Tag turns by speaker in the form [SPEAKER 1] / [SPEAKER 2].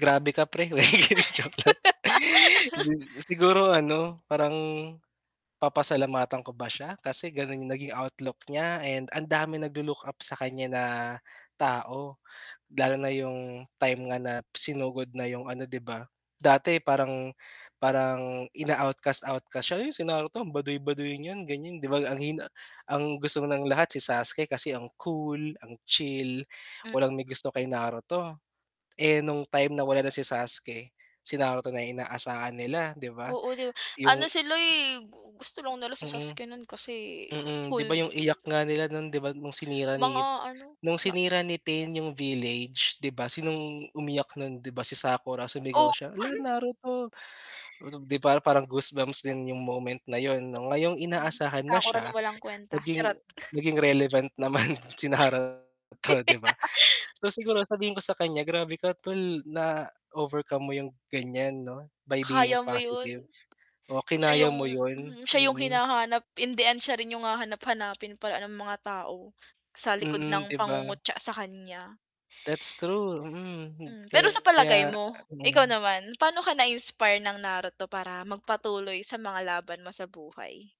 [SPEAKER 1] Grabe ka 'pre, joke lang. Siguro ano, parang papasalamatan ko ba siya kasi gano'n yung naging outlook niya and ang daming naglo-look up sa kanya na tao. Lalo na yung time nga na sinugod na 'yong ano, 'di ba? Dati parang parang ina-outcast-outcast siya. "Yun si Naruto ang baduy-baduy niyan," ganyan, 'di ba? Ang hina ang gusto ng lahat si Sasuke kasi ang cool, ang chill,
[SPEAKER 2] M
[SPEAKER 1] walang may gusto kay Naruto. Eh, nung time na wala na si Sasuke, si Naruto na yung inaasahan nila, di ba?
[SPEAKER 2] Oo, di ba?
[SPEAKER 1] Yung
[SPEAKER 2] Ano sila, eh, gu gusto lang na si
[SPEAKER 1] Mm.
[SPEAKER 2] Sasuke nun kasi
[SPEAKER 1] Mm, di ba
[SPEAKER 2] cool
[SPEAKER 1] yung
[SPEAKER 2] daw.
[SPEAKER 1] iyak nga nila nun di ba nung sinira ni
[SPEAKER 2] Mga ano,
[SPEAKER 1] nung
[SPEAKER 2] na
[SPEAKER 1] sinira ni Pain yung village, di ba, sinong umiyak nun, di ba si Sakura sumigaw
[SPEAKER 2] Oo.
[SPEAKER 1] siya, "Hala, Naruto!" 'Di ba parang goosebumps din yung moment na yun 'no. Ngayong
[SPEAKER 2] Hmm, si
[SPEAKER 1] inaasahan na
[SPEAKER 2] Sakura na
[SPEAKER 1] siya,
[SPEAKER 2] walang kuwenta,
[SPEAKER 1] naging
[SPEAKER 2] charot.
[SPEAKER 1] naging relevant naman si Naruto, di ba? So, siguro sabihin ko sa kanya, "Grabe ka 'tol, na-overcome mo yung ganyan 'no, by being
[SPEAKER 2] Kaya mo yun?
[SPEAKER 1] positive. Oh,
[SPEAKER 2] Siya
[SPEAKER 1] kinaya
[SPEAKER 2] yung
[SPEAKER 1] mo yun."
[SPEAKER 2] mhm, siya yung
[SPEAKER 1] Mm.
[SPEAKER 2] hinahanap in the end siya rin yung hahanap-hanapin pala ng mga tao. Sa likod
[SPEAKER 1] Mm,
[SPEAKER 2] ng
[SPEAKER 1] di ba?
[SPEAKER 2] pangungutya sa kanya.
[SPEAKER 1] That's true, mm,
[SPEAKER 2] Hmm, pero sa palagay
[SPEAKER 1] kaya
[SPEAKER 2] mo? Ikaw
[SPEAKER 1] mm.
[SPEAKER 2] naman, pano ka na-inspire ng Naruto para magpatuloy sa mga laban mo sa buhay?